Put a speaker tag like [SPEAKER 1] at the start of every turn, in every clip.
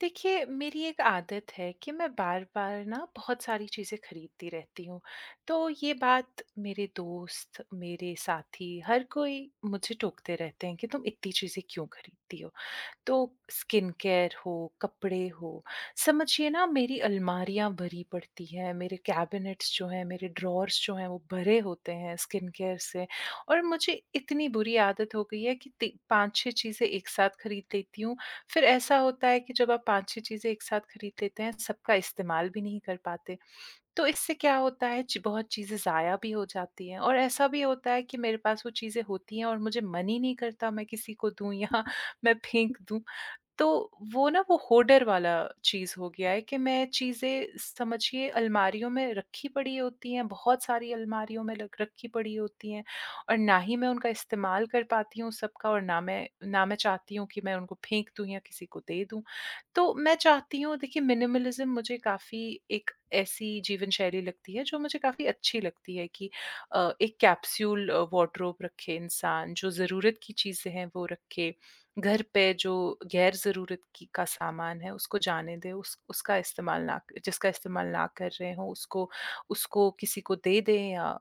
[SPEAKER 1] देखिए, मेरी एक आदत है कि मैं बार-बार ना बहुत सारी चीज़ें खरीदती रहती हूँ। तो ये बात मेरे दोस्त, मेरे साथी, हर कोई मुझे टोकते रहते हैं कि, "तुम इतनी चीज़ें क्यों खरीदती हो?" तो स्किन केयर हो, कपड़े हों, समझिए ना, मेरी अलमारियाँ भरी पड़ती हैं, मेरे कैबिनेट्स जो हैं, मेरे ड्रॉर्स जो हैं, वो भरे होते हैं स्किन केयर से और मुझे इतनी बुरी आदत हो गई है कि ती 5-6 चीज़ें एक साथ खरीद लेती हूँ, फिर ऐसा होता है कि जब आप 5-6 चीज़ें एक साथ खरीद लेते हैं, सबका इस्तेमाल भी नहीं कर पाते। तो इससे क्या होता है, ची बहुत चीज़ें ज़ाया भी हो जाती हैं और ऐसा भी होता है कि मेरे पास वो चीज़ें होती हैं और मुझे मन ही नहीं करता, मैं किसी को दूँ या मैं फेंक दूँ। तो वो ना, वो होडर वाला चीज़ हो गया है कि मैं चीज़ें समझिए अलमारियों में रखी पड़ी होती हैं, बहुत सारी अलमारियों में लग रखी पड़ी होती हैं और ना ही मैं उनका इस्तेमाल कर पाती हूँ सबका और ना मैं ना मैं चाहती हूँ कि मैं उनको फेंक दूँ या किसी को दे दूँ। तो मैं चाहती हूँ, देखिए, मिनिमलिज़्म मुझे काफ़ी एक ऐसी जीवन शैली लगती है, जो मुझे काफ़ी अच्छी लगती है कि अ, एक कैप्सूल अ, वॉडरॉब रखे इंसान, जो ज़रूरत की चीज़ें हैं, वो रखे। घर पे जो गैर ज़रूरत की का सामान है, उसको जाने दे, उस उसका इस्तेमाल ना क जिसका इस्तेमाल ना कर रहे हों, उसको उसको किसी को दे दें या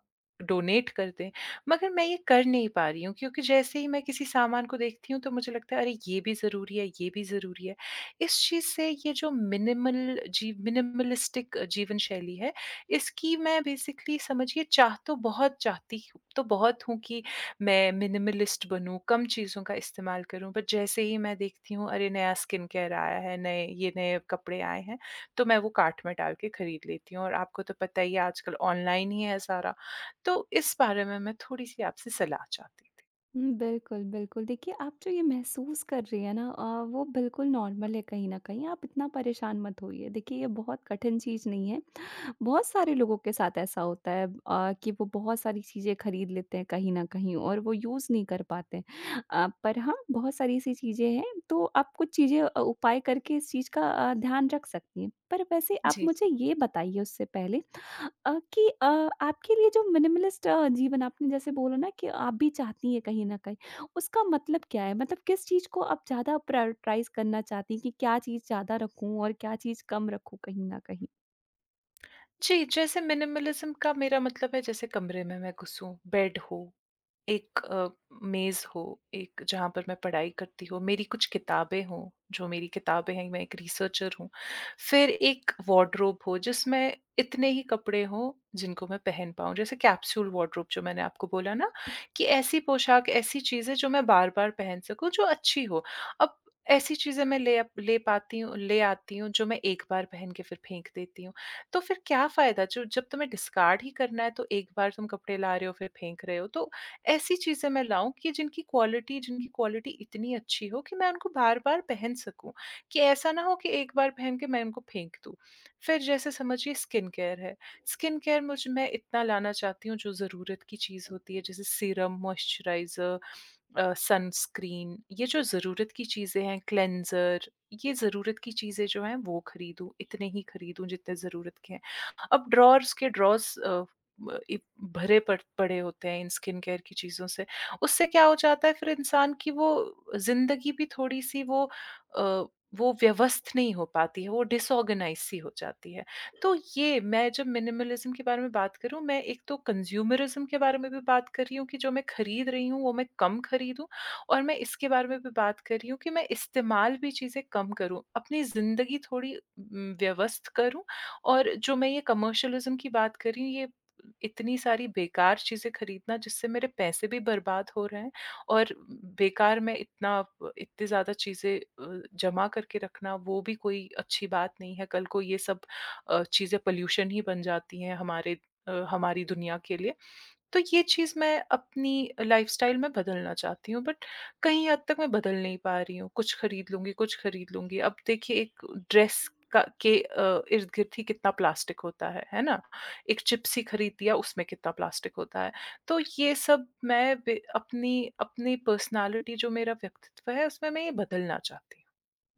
[SPEAKER 1] डोनेट कर दें। मगर मैं ये कर नहीं पा रही हूँ, क्योंकि जैसे ही मैं किसी सामान को देखती हूँ, तो मुझे लगता है, "अरे! ये भी ज़रूरी है, ये भी ज़रूरी है।" इस चीज़ से ये जो मिनिमल जी, मिनिमालिस्टिक जीवन शैली है, इसकी मैं बेसिकली समझिए चाह तो बहुत चाहती हूँ तो बहुत हूँ कि मैं मिनिमालिस्ट बनूँ, कम चीज़ों का इस्तेमाल करूँ। पर जैसे ही मैं देखती हूँ, "अरे! नया स्किन केयर आया है, नए ये नए कपड़े आए हैं।" तो मैं वो कार्ट में डाल के खरीद लेती हूँ और आपको तो पता ही है, आजकल ऑनलाइन ही है सारा। तो इस बारे में मैं थोड़ी-सी आपसे सलाह चाहती थी।
[SPEAKER 2] हुँ, बिल्कुल, बिल्कुल। देखिए, आप जो ये महसूस कर रही हैं ना अ, वो बिल्कुल नॉर्मल है कहीं न कहीं। आप इतना परेशान मत होइए। देखिए, ये बहुत कठिन चीज़ नहीं है। बहुत सारे लोगों के साथ ऐसा होता है अ, कि वो बहुत सारी चीज़ें खरीद लेते हैं कहीं न कहीं, और वो यूज़ नहीं कर पाते। अ, पर हाँ, बहुत सारी ऐसी चीज़ें हैं, तो आप कुछ चीज़ें अ, उपाय करके इस चीज़ का अ, ध्यान रख सकती हैं। पर वैसे आप
[SPEAKER 1] जी,
[SPEAKER 2] मुझे
[SPEAKER 1] जी।
[SPEAKER 2] ये बताइए उससे पहले अ, कि अ, आपके लिए जो मिनिमलिस्ट अ, जीवन आपने जैसे बोला ना कि आप भी चाहती हैं कहीं न कहीं, उसका मतलब क्या है? मतलब किस चीज़ को आप ज़्यादा प्रायॉरिटाइज़ करना चाहती हैं कि क्या चीज़ ज़्यादा रखूँ और क्या चीज़ कम रखूँ कहीं न कहीं?
[SPEAKER 1] जी, जैसे मिनिमलिज़्म का मेरा मतलब है, जैसे कमरे में मैं घुसूँ, बेड हो। एक अ, मेज़ हो, एक जहाँ पर मैं पढ़ाई करती हूँ, मेरी कुछ किताबें हों, जो मेरी किताबें हैं, मैं एक रीसर्चर हूँ। फिर एक वार्डरोब हो, जिसमें इतने ही कपड़े हों, जिनको मैं पहन पाऊँ। जैसे कैप्सूल वार्डरोब जो मैंने आपको बोला ना, कि ऐसी पोशाक, ऐसी चीज़ें, जो मैं बार-बार पहन सकूँ, जो अच्छी हों। अब ऐसी चीज़ें मैं ले अप ले पाती हूँ ले आती हूँ, जो मैं 1 बार पहन के फिर फेंक देती हूँ। तो फिर क्या फ़ायदा? जो जब तुम्हें डिस्कार्ड ही करना है, तो एक बार तुम कपड़े ला रहे हो, फिर फेंक रहे हो। तो ऐसी चीज़ें मैं लाऊँ, कि जिनकी क्वालिटी जिनकी क्वालिटी इतनी अच्छी हो कि मैं उनको बार-बार पहन सकूँ, कि ऐसा ना हो कि 1 बार पहन के मैं उनको फेंक दूँ। फिर जैसे समझिए स्किन केयर है। स्किन केयर मुझ मैं इतना लाना चाहती हूँ, जो ज़रूरत की चीज़ होती है, जैसे सीरम, मॉइस्चराइज़र अ, सनस्क्रीन, ये जो ज़रूरत की चीज़ें हैं क्लेंज़र, ये ज़रूरत की चीज़ें जो हैं, वो खरीदूँ। इतने ही खरीदूँ, जितने ज़रूरत के हैं। अब ड्रावर्स के ड्रावर्स अ, ब इ भरे पड़ पड़े होते हैं इन स्किन केयर की चीज़ों से। उससे क्या हो जाता है, फिर इंसान की वो ज़िंदगी भी थोड़ी-सी वो अ, वो व्यवस्थ नहीं हो पाती है, वो डिसऑर्गनाइज़्ड सी हो जाती है। तो ये मैं जब मिनिमलिज़्म के बारे में बात करूँ, मैं एक तो कंज़्यूमरिज़्म के बारे में भी बात कर रही हूँ कि जो मैं खरीद रही हूँ, वो मैं कम खरीदूँ, और मैं इसके बारे में भी बात कर रही हूँ कि मैं इस्तेमाल भी चीज़ें कम करूँ। अपनी ज़िंदगी थोड़ी उम, व्यवस्थ करूँ और जो मैं ये कमर्शियलिज़्म की बात कर रही हूँ, ये उम, इतनी सारी बेकार चीज़ें खरीदना, जिससे मेरे पैसे भी बर्बाद हो रहे हैं और उम, बेकार में इतना आप इतनी ज़्यादा चीज़ें अ, जमा करके रखना, वो भी कोई अच्छी बात नहीं है। कल को ये सब अ, चीज़ें पॉल्यूशन ही बन जाती हैं हमारे अ, हमारी दुनिया के लिए। तो ये चीज़ मैं अपनी अ, लाइफ़स्टाइल में बदलना चाहती हूँ, बट कहीं हद तक मैं बदल नहीं पा रही हूँ, "कुछ खरीद लूँगी, कुछ खरीद लूँगी।" अब देखिए एक ड्रेस का के अ, इर्द-गिर्द ही कितना प्लास्टिक होता है, है ना? एक चिप्स ही खरीद दिया, उसमें कितना प्लास्टिक होता है। तो ये सब मैं बे अपनी अपनी पर्सनैलिटी जो मेरा व्यक्तित्व है, उसमें मैं ये बदलना चाहती हूँ।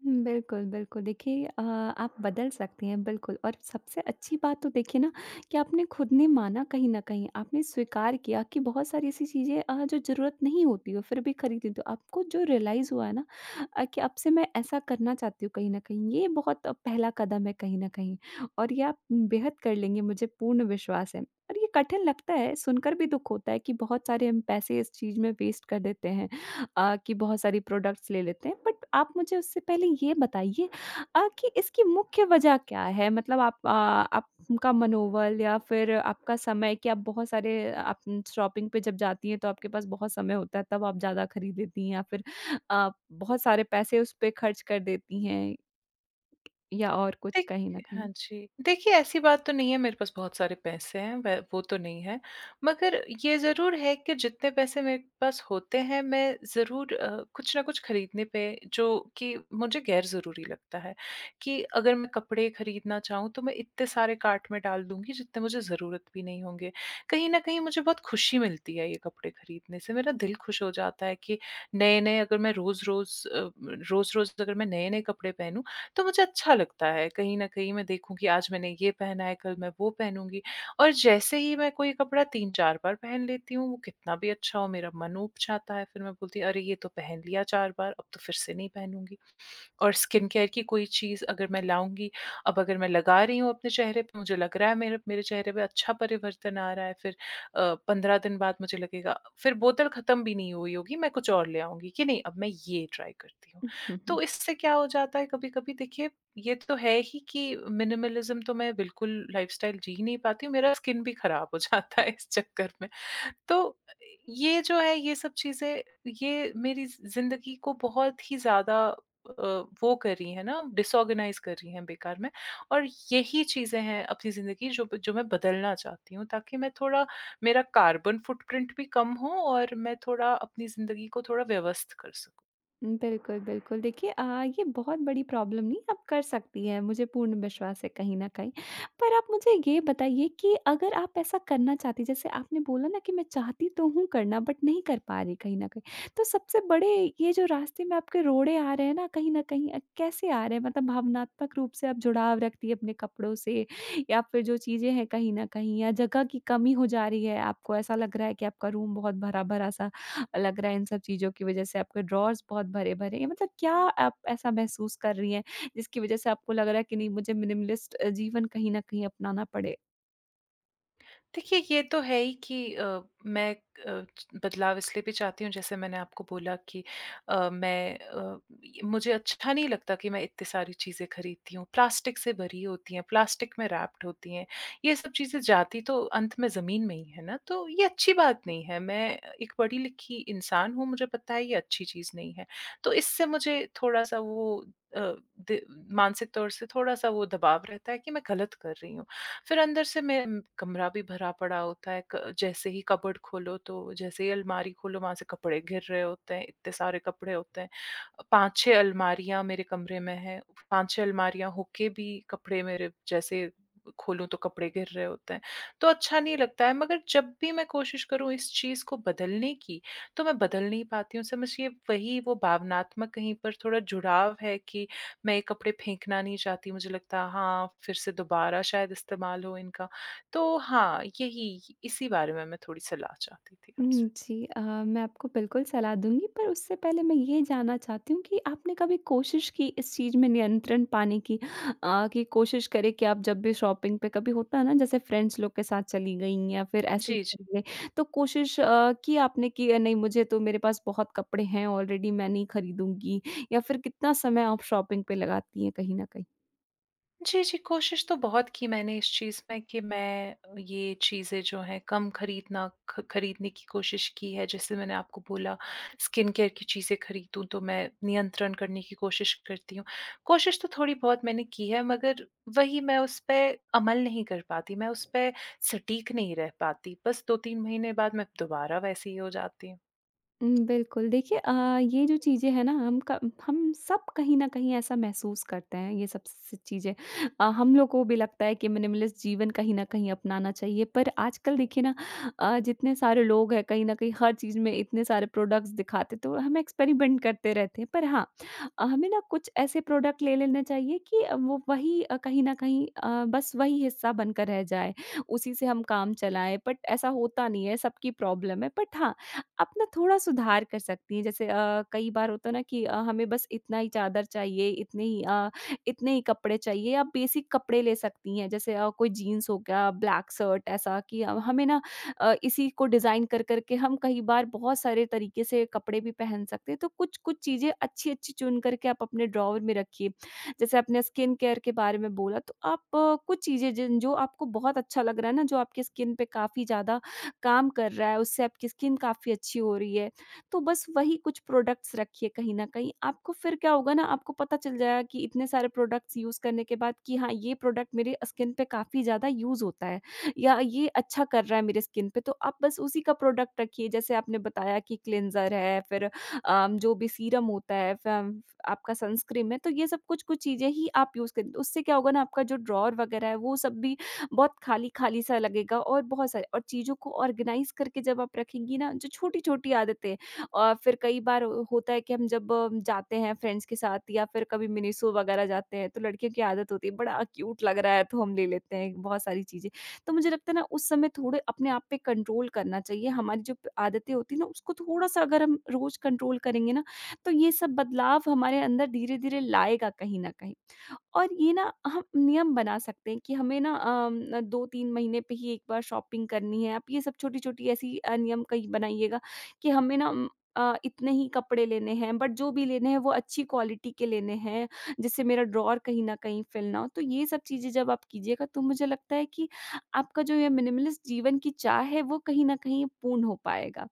[SPEAKER 2] हुँ, बिल्कुल, बिल्कुल, देखिए अ, आप बदल सकती हैं, बिल्कुल और सबसे अच्छी बात तो देखिए ना कि आपने खुद ने माना कहीं न कहीं। आपने स्वीकार किया कि बहुत सारी ऐसी चीज़ें अ, जो ज़रूरत नहीं होती हो, फिर भी खरीद लेते हो। आपको जो रियलाइज़ हुआ ना अ, कि अब से मैं ऐसा करना चाहती हूँ कहीं न कहीं, ये बहुत पहला कदम है कहीं न कहीं, और ये आप उम, बेहद कर लेंगी, मुझे पूर्ण विश्वास है। और ये कठिन लगता है, सुनकर भी दुख होता है कि बहुत सारे हम पैसे इस चीज़ में वेस्ट कर देते हैं अ, कि बहुत सारी प्रोडक्ट्स ले लेते हैं। बट आप मुझे उससे पहले ये बताइए अ, कि इसकी मुख्य वजह क्या है? मतलब आप अ, आपका मनोबल या फिर आपका समय, क्या आप बहुत सारे आप उम, शॉपिंग पे जब जाती हैं, तो आपके पास बहुत समय होता है, तब आप ज़्यादा खरीद लेती हैं, या फिर अ, बहुत सारे पैसे उस पे खर्च कर देती हैं, या और कुछ,
[SPEAKER 1] देख
[SPEAKER 2] कहीं न
[SPEAKER 1] हाँ
[SPEAKER 2] कहीं?
[SPEAKER 1] जी। देखिए, ऐसी बात तो नहीं है, मेरे पास बहुत सारे पैसे हैं, व वो तो नहीं है। मगर ये ज़रूर है कि जितने पैसे मेरे पास होते हैं, मैं ज़रूर अ, कुछ ना कुछ खरीदने पे, जो कि मुझे गैरज़रूरी लगता है कि अगर मैं कपड़े खरीदना चाहूँ, तो मैं इतने सारे कार्ट में डाल दूँगी, जितने मुझे ज़रूरत भी नहीं होंगे। कहीं न कहीं मुझे बहुत खुशी मिलती है ये कपड़े खरीदने से। मेरा दिल खुश हो जाता है कि नए-नए अगर मैं रोज़-रोज़ अ, रोज़-रोज़ अगर मैं नए-नए कपड़े पहनूँ, तो मुझे अच्छा लगता है। कहीं न कहीं मैं देखूँ कि आज मैंने ये पहना है, कल मैं वो पहनूँगी और जैसे ही मैं कोई कपड़ा 3-4 बार पहन लेती हूँ, वो कितना भी अच्छा हो, मेरा मन ऊब जाता है। फिर मैं बोलती है, "अरे! ये तो पहन लिया 4 बार, अब तो फिर से नहीं पहनूँगी।" और स्किन केयर की कोई चीज़ अगर मैं लाऊँगी, अब अगर मैं लगा रही हूँ अपने चेहरे प मुझे लग रहा है, मेरे मेरे चेहरे पे अच्छा परिवर्तन आ रहा है, फिर अ, 15 दिन बाद मुझे लगेगा फिर बोतल खत्म भी नहीं हुई होगी, मैं कुछ और ले आऊँगी कि, "नहीं, अब मैं ये ट्राई करती हूँ।" तो इससे क्या हो जाता है कभी-कभी, देखिए, ये तो है ही कि मिनिमलिज़्म तो मैं बिल्कुल लाइफस्टाइल जी ही नहीं पाती हूँ, मेरा स्किन भी खराब हो जाता है इस चक्कर में। तो अ, ये जो है, ये सब चीज़ें, ये मेरी ज़ि ज़िंदगी को बहुत ही ज़्यादा अ, वो करी हैं ना, डिसऑर्गनाइज़ करी हैं बेकार में, और यही चीज़ें हैं अपनी ज़िंदगी, जो ब जो मैं बदलना चाहती हूँ, ताकि मैं थोड़ा मेरा कार्बन फुटप्रिंट भी कम हो और मैं थोड़ा अपनी ज़िंदगी को थोड़ा व्यवस्थित कर सकूँ।
[SPEAKER 2] बिल्कुल, बिल्कुल। देखिए अ, ये बहुत बड़ी प्रॉब्लम नहीं, आप कर सकती हैं, मुझे पूर्ण विश्वास है कहीं न कहीं। पर आप मुझे ये बताइए कि अगर आप ऐसा करना चाहती हैं, जैसे आपने बोला ना कि, "मैं चाहती तो हूँ करना, बट नहीं कर पा रही कहीं न कहीं।" तो सबसे बड़े ये जो रास्ते में आपके रोड़े आ रहे हैं ना, कहीं न कहीं अ, कैसे आ रहे हैं? मतलब भावनात्मक रूप से आप जुड़ाव रखती हैं अपने कपड़ों से, या फिर जो चीज़ें हैं कहीं न कहीं, या जगह की कमी हो जा रही है? आपको ऐसा लग रहा है कि आपका रूम बहुत भरा-भरा सा अ, लग रहा है इन सब चीज़ों की वजह से, आपके ड्रॉर्स बहुत भरे-भरे हैं? मतलब क्या आप ऐसा महसूस कर रही हैं, जिसकी वजह से आपको लग रहा है कि, "नहीं, मुझे मिनिमलिस्ट अ, जीवन कहीं न कहीं अपनाना पड़े"?
[SPEAKER 1] देखिए, ये तो है ही कि अ, मैं अ, च बदलाव इसलिए भी चाहती हूँ, जैसे मैंने आपको बोला कि अ, मैं अ, य मुझे अच्छा नहीं लगता कि मैं इतनी सारी चीज़ें खरीदती हूँ, प्लास्टिक से भरी होती हैं, प्लास्टिक में रैप्ड होती हैं। ये सब चीज़ें जाती तो अंत में ज़मीन में ही हैं ना, तो ये अच्छी बात नहीं है। मैं एक पढ़ी-लिखी इंसान हूँ, मुझे पता है ये अच्छी चीज़ नहीं है। तो इससे मुझे थोड़ा-सा वो अ, दि मानसिक तौर से थोड़ा-सा वो दबाव रहता है कि मैं गलत कर रही हूँ। फिर अंदर से मे कमरा भी भरा पड़ा होता है, क जैसे ही कबर्ड खोलो तो जैसे ही अलमारी खोलो, वहाँ से कपड़े गिर रहे होते हैं, इतने सारे कपड़े होते हैं। अ, 5-6 अलमारियाँ मेरे कमरे में हैं। 5-6 अलमारियाँ होके भी कपड़े मेरे जैसे खोलूँ, तो कपड़े गिर रहे होते हैं, तो अच्छा नहीं लगता है। मगर जब भी मैं कोशिश करूँ इस चीज़ को बदलने की, तो मैं बदल नहीं पाती हूँ। समझिए वही वो भावनात्मक कहीं पर थोड़ा जुड़ाव है कि मैं ये कपड़े फेंकना नहीं चाहती। मुझे लगता है, हाँ, फिर से दोबारा शायद इस्तेमाल हो इनका। तो हाँ, यही, इसी बारे में मैं थोड़ी सलाह चाहती थी
[SPEAKER 2] हुँ,
[SPEAKER 1] आपसे।
[SPEAKER 2] जी, अ, मैं आपको बिल्कुल सलाह दूँगी, पर उससे पहले मैं ये जानना चाहती हूँ कि आपने कभी कोशिश की, इस चीज़ में नियंत्रण पाने की? अ, कि कोशिश करें कि आप जब भी शॉपिंग पे, कभी होता है ना, जैसे फ्रेंड्स लोग के साथ चली गईं या फिर ऐसे ही
[SPEAKER 1] जी, जी।
[SPEAKER 2] चीज़ें? तो कोशिश अ, की आपने कि अ, "नहीं, मुझे तो मेरे पास बहुत कपड़े हैं ऑलरेडी, मैं नहीं खरीदूँगी।" या फिर कितना समय आप शॉपिंग पे लगाती हैं कहीं न कहीं?
[SPEAKER 1] जी, जी, कोशिश तो बहुत की मैंने इस चीज़ में कि मैं अ, ये चीज़ें जो हैं कम खरीदना ख खरीदने की कोशिश की है, जैसे मैंने आपको बोला स्किन केयर की चीज़ें खरीदूँ तो मैं नियंत्रण करने की कोशिश करती हूँ। कोशिश तो थोड़ी बहुत मैंने की है मगर वही मैं उस पे अमल नहीं कर पाती, मैं उस पे सटीक नहीं रह पाती, बस 2-3 महीने बाद मैं दोबारा वैसी ही हो जाती हूँ।
[SPEAKER 2] उम, बिल्कुल देखिए अ, ये जो चीज़ें हैं ना हम क हम सब कहीं न कहीं ऐसा महसूस करते हैं ये सब स चीज़ें अ, हम लोग को भी लगता है कि मिनिमलिस्ट जीवन कहीं न कहीं अपनाना चाहिए, पर आजकल देखिए ना अ, जितने सारे लोग हैं कहीं न कहीं हर चीज़ में इतने सारे प्रोडक्ट्स दिखाते, तो वो हम एक्सपेरिमेंट करते रहते हैं। पर हाँ अ, हमें ना कुछ ऐसे प्रोडक्ट ले लेने चाहिए, कि अ, वो वही अ, कहीं न कहीं अ, बस वही हिस्सा बनकर रह जाए। उसी से हम काम चलाएँ बट ऐसा होता नहीं है, सबकी प्रॉब्लम है बट हाँ, आप ना थोड़ा सुधार कर सकती हैं जैसे अ, कई बार होता है ना कि अ, हमें बस इतना ही चादर चाहिए, इतने ही अ, इतने ही कपड़े चाहिए, आप बेसिक कपड़े ले सकती हैं। जैसे अ, कोई जीन्स हो गया, ब्लैक सर्ट ऐसा कि अ, हमें ना अ, इसी को डिज़ाइन कर करके हम कई बार बहुत सारे तरीके से कपड़े भी पहन सकते हैं। तो कुछ-कुछ चीज़ें, अच्छी-अच्छी चुन करके आप अपने ड्रॉवर में रखिए, जैसे अपने स्किन केयर के बारे में बोला, तो आप अ, कुछ चीज़ें जिन जो आपको बहुत अच्छा लग रहा है ना, जो आपके स्किन पे काफ़ी ज़्यादा काम कर रहा है, उससे आपकी स्किन काफ़ी अच्छी हो रही है। तो बस वही कुछ प्रोडक्ट्स रखिए कहीं न कहीं, आपको फिर क्या होगा ना, आपको पता चल जाएगा कि इतने सारे प्रोडक्ट्स यूज़ करने के बाद कि हाँ, ये प्रोडक्ट मेरे अ, स्किन पे काफ़ी ज़्यादा यूज़ होता है या ये अच्छा कर रहा है मेरे स्किन पे, तो आप बस उसी का प्रोडक्ट रखिए। जैसे आपने बताया कि क्लिंजर है फिर अ, जो भी सीरम होता है फम फ आपका सनस्क्रीन है, तो ये सब कुछ कुछ चीज़ें ही आप यूज़ करिए, उससे क्या होगा ना आपका जो ड्रॉवर वग़ैरह है, वो सब भी बहुत खाली-खाली सा लगेगा और बहुत स और चीज़ों को आर्गेनाइज़ करके जब आप रखेंगी ना जो छोटी-छोटी आदतें अ, फिर कई बार अ, होता है कि हम जब अ, जाते हैं फ्रेंड्स के साथ या फिर कभी मिनिसो वग़ैरह जाते हैं, तो लड़कियों की आदत होती है बड़ा क्यूट लग रहा है, तो हम ले लेते हैं बहुत सारी चीज़ें। तो मुझे लगता है ना उस समय थोड़ा अपने आप पे कंट्रोल करना चाहिए, हमारी जो प आदतें होती हैं ना, उसको थोड़ा-सा अगर हम रोज़ कंट्रोल करेंगे ना, तो ये सब बदलाव हमारे अंदर धीरे-धीरे लाएगा कहीं न कहीं। और ये ना हम नियम बना सकते हैं कि हमें ना अम, ना 2-3 महीने पे ही एक बार शॉपिंग करनी है, आप ये सब छोटी-छोटी ऐसी अ, नियम कहीं बनाइएगा, कि हमें ना उम अ, इतने ही कपड़े लेने हैं, बट जो भी लेने हैं वो अच्छी क्वालिटी के लेने हैं, जिससे मेरा ड्रॉवर कहीं न कहीं फिल ना हो। तो ये सब चीज़ें जब आप कीजिएगा, तो मुझे लगता है कि आपका जो ये मिनिमलिस्ट जीवन की चाह है, वो कहीं न कहीं पूर्ण हो पाएगा।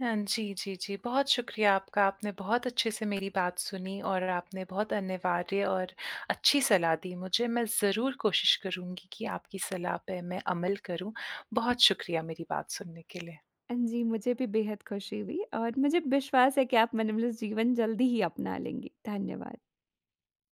[SPEAKER 1] हाँ जी, जी, जी। बहुत शुक्रिया आपका, आपने बहुत अच्छे से मेरी बात सुनी और आपने बहुत अनिवार्य और अच्छी सलाह दी मुझे, मैं ज़रूर कोशिश करूँगी कि आपकी सलाह पे मैं अमल करूँ। बहुत शुक्रिया मेरी बात सुनने के लिए।
[SPEAKER 2] अ, जी, मुझे भी बेहद खुशी हुई और मुझे विश्वास है कि आप मिनिमिलिस्ट जीवन जल्दी ही अपना लेंगी। धन्यवाद।